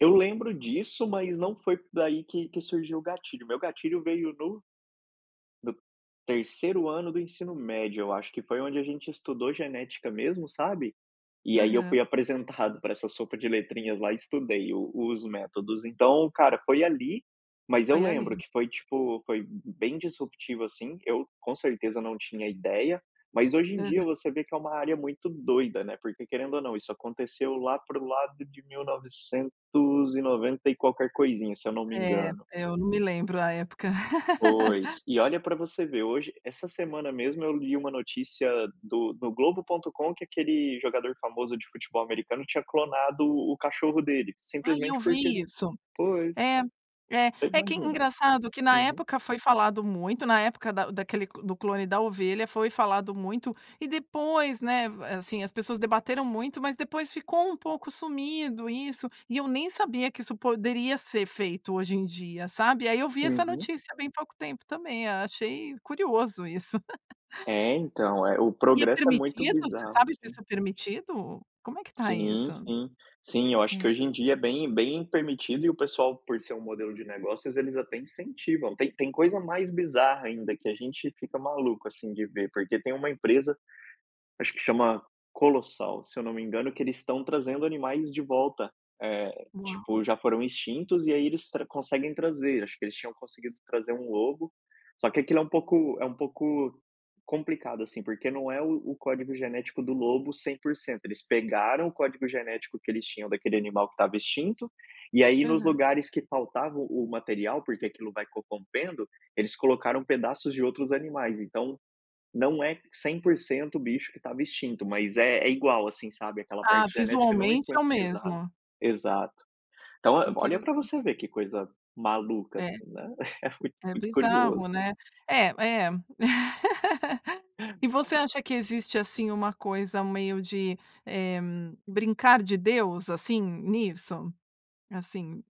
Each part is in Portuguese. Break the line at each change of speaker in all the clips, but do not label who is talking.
Eu lembro disso, mas não foi daí que que surgiu o gatilho. Meu gatilho veio no no 3º ano do ensino médio, eu acho, que foi onde a gente estudou genética mesmo, sabe, e aí eu
Aham.
fui apresentado pra essa sopa de letrinhas lá e estudei os os métodos. Então, cara, foi ali, mas eu
Foi ali.
lembro que foi tipo, foi bem disruptivo assim, eu, com certeza não tinha ideia, mas hoje em dia
Aham.
você vê que é uma área muito doida, né, porque, querendo ou não, isso aconteceu lá para o lado de mil novecentos e qualquer coisinha, se eu não me
É,
engano.
eu não me lembro a época.
Pois, e olha pra você ver, hoje essa semana mesmo eu li uma notícia do do Globo.com que aquele jogador famoso de americano, tinha clonado o o cachorro dele,
Ai, eu
simplesmente porque
vi
ele
isso.
pois.
É. É,
Te
é que é
imagina.
engraçado que na
Aham.
época foi falado muito, na época da o daquele do clone da ovelha, foi falado muito e depois, né, va assim, as pessoas debateram muito mas depois ficou um pouco sumido isso, e eu nem sabia que isso poderia ser feito hoje em dia, sabe, aí eu vi essa
Uhum.
notícia bem pouco tempo também, a achei curioso isso.
É, então, eh, o
E é
progresso é muito
permitido, você
bizarro,
sabe se
assim
isso é permitido? Como é que está
Sim,
isso?
sim. Sim, eu acho que
É.
hoje em dia é bem bem permitido e o pessoal, por ser um modelo de negócios, eles até incentivam, tem tem coisa mais bizarra ainda que a gente fica maluco assim de ver, porque tem uma empresa, acho que chama Colossal, se eu não me engano, que eles estão trazendo animais de volta, eh,
Uau.
tipo, já foram extintos e aí eles tra conseguem trazer, acho que eles tinham conseguido trazer um lobo só que aquilo é um pouco é um pouco, complicado, assim, porque não é o o código genético do lobo 100%, eles pegaram o código genético que eles tinham daquele animal que estava extinto, e aí nos
Aham.
lugares que faltava o o material, porque aquilo vai corrompendo, eles colocaram pedaços de outros animais, então, não é 100% o bicho que estava extinto, mas é é igual, assim, sabe, aquela
Ah,
parte genética não
visualmente é o
influencia exato
mesmo.
exato. Então,
Que
ó, olha pra
interessante.
você ver que coisa, maluca,
É,
assim, né, é muito
é
cudi
bizarro,
curioso
né. É, é. E você acha que existe, assim, uma coisa meio de, eh, "brincar de Deus", assim, nisso? Assim,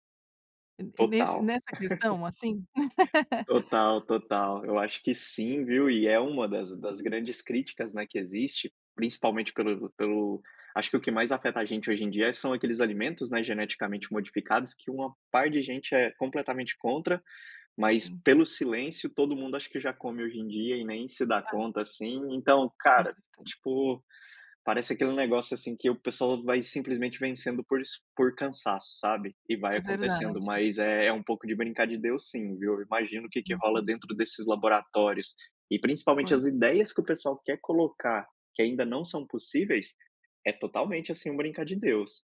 en nesse
Total.
nessa questão, assim?
Total, total. Eu acho que sim, viu, e é uma das das grandes críticas, né, que existe, principalmente pelo pelo acho que o que mais afeta a gente hoje em dia, são aqueles alimentos, né, geneticamente modificados, que uma par de gente é completamente contra, mas
Sim.
pelo silêncio, todo mundo acha que já come hoje em dia, e nem se dá
Ah.
conta, assim, então, cara,
Consertando
tipo, parece aquele negócio, assim, que o pessoal vai simplesmente vencendo por es por cansaço, sabe, e vai
É
acontecendo,
verdade.
mas é um pouco de "brincar de Deus", sim, viu, imagino o que que
Uhum.
rola dentro desses laboratórios e principalmente
Pois.
as ideias que o pessoal quer colocar, que ainda não são possíveis, é totalmente, assim, um "brincar de Deus".